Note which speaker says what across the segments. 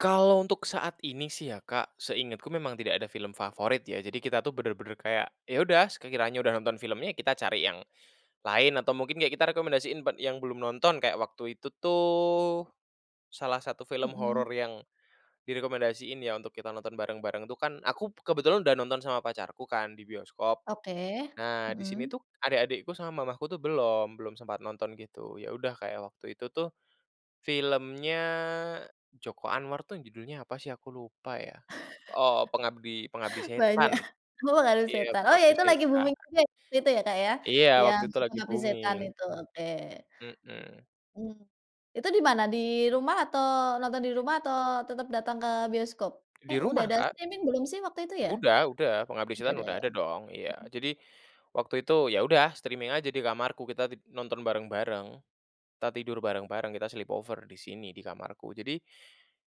Speaker 1: Kalau untuk saat ini sih ya Kak, seingetku memang tidak ada film favorit ya? Jadi kita tuh benar-benar kayak, ya udah, sekira kiranya udah nonton filmnya, kita cari yang, lain, atau mungkin kayak kita rekomendasiin buat yang belum nonton. Kayak waktu itu tuh, salah satu film
Speaker 2: Hmm.
Speaker 1: horor yang, direkomendasiin ya, untuk kita nonton bareng-bareng tuh kan? Aku kebetulan udah nonton sama pacarku kan, di bioskop.
Speaker 2: Oke.
Speaker 1: Nah di sini
Speaker 2: Hmm.
Speaker 1: tuh, adik-adikku sama mamahku tuh belum, belum sempat nonton gitu. Ya udah kayak waktu itu tuh, filmnya Joko Anwar tuh yang judulnya apa sih, aku lupa ya. Oh, Pengabdi Pengabdi
Speaker 2: Banyak.
Speaker 1: Setan.
Speaker 2: Oh, Pengabdi
Speaker 1: Iya
Speaker 2: Setan? Oh ya
Speaker 1: Pengabdi
Speaker 2: itu lagi
Speaker 1: Setan.
Speaker 2: booming juga, waktu itu ya Kak ya?
Speaker 1: Iya, waktu
Speaker 2: Yang,
Speaker 1: itu lagi
Speaker 2: Pengabdi Setan
Speaker 1: booming.
Speaker 2: itu, oke.
Speaker 1: Hmm.
Speaker 2: Mhm. Itu di mana? Di rumah, atau, nonton di rumah, atau tetap datang ke bioskop?
Speaker 1: Di
Speaker 2: Eh udah
Speaker 1: rumah
Speaker 2: ada
Speaker 1: Kak.
Speaker 2: streaming belum sih, waktu itu ya?
Speaker 1: Udah udah, Pengabdi
Speaker 2: Udah
Speaker 1: Setan
Speaker 2: ada
Speaker 1: udah
Speaker 2: ya?
Speaker 1: ada dong, iya.
Speaker 2: Mhm.
Speaker 1: Jadi, waktu itu, ya udah streaming aja di kamarku. Kita ti nonton bareng-bareng. Kita tidur bareng-bareng, kita sleep over di sini, di kamarku. Jadi,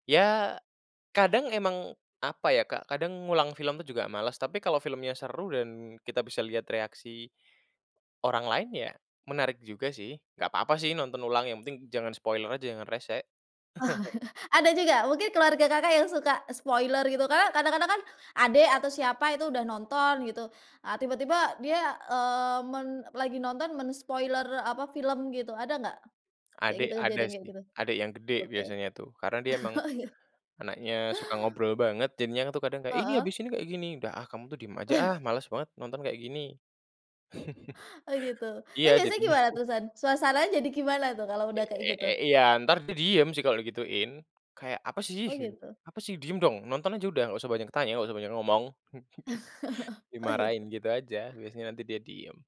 Speaker 1: ya, kadang emang apa ya Kak? Kadang ngulang film tuh juga males. Tapi kalau filmnya seru, dan kita bisa lihat reaksi orang lain, ya menarik juga sih. Nggak papa sih nonton ulang, yang penting jangan spoiler aja, jangan rese.
Speaker 2: Ada juga? Mungkin keluarga Kakak yang suka, spoiler gitu kan. Kadang-kadang kan, adek atau siapa itu, udah nonton gitu. Ah tiba-tiba dia, eee, men lagi nonton men-spoiler apa, film gitu. Ada nggak, kayak
Speaker 1: Adek
Speaker 2: gitu
Speaker 1: ada
Speaker 2: kejadian kayak
Speaker 1: sih.
Speaker 2: gitu?
Speaker 1: Adek yang gede
Speaker 2: Oke.
Speaker 1: biasanya tuh. Karena dia emang,
Speaker 2: Oh iya.
Speaker 1: anaknya suka ngobrol banget. Jadinya kan tuh kadang, "Iya ini
Speaker 2: Heeh.
Speaker 1: habis ini kayak gini." "Dah ah kamu tuh diem aja ah, males banget nonton kayak gini"
Speaker 2: Oh, gitu?
Speaker 1: Iya,
Speaker 2: Tapi biasanya
Speaker 1: jadinya
Speaker 2: gimana terusan, suasananya jadi gimana tuh, kalau
Speaker 1: E
Speaker 2: udah kayak
Speaker 1: e
Speaker 2: gitu?
Speaker 1: e iya entar di diem sih kalau gituin. Kayak, "Apa sih,"
Speaker 2: Oh
Speaker 1: gitu.
Speaker 2: gitu.
Speaker 1: "Apa sih, diem dong. Nonton aja udah. Nggak usah banyak tanya, nggak usah banyak ngomong."
Speaker 2: Oh ya?
Speaker 1: Dimarahin gitu aja. Biasanya nanti dia diem.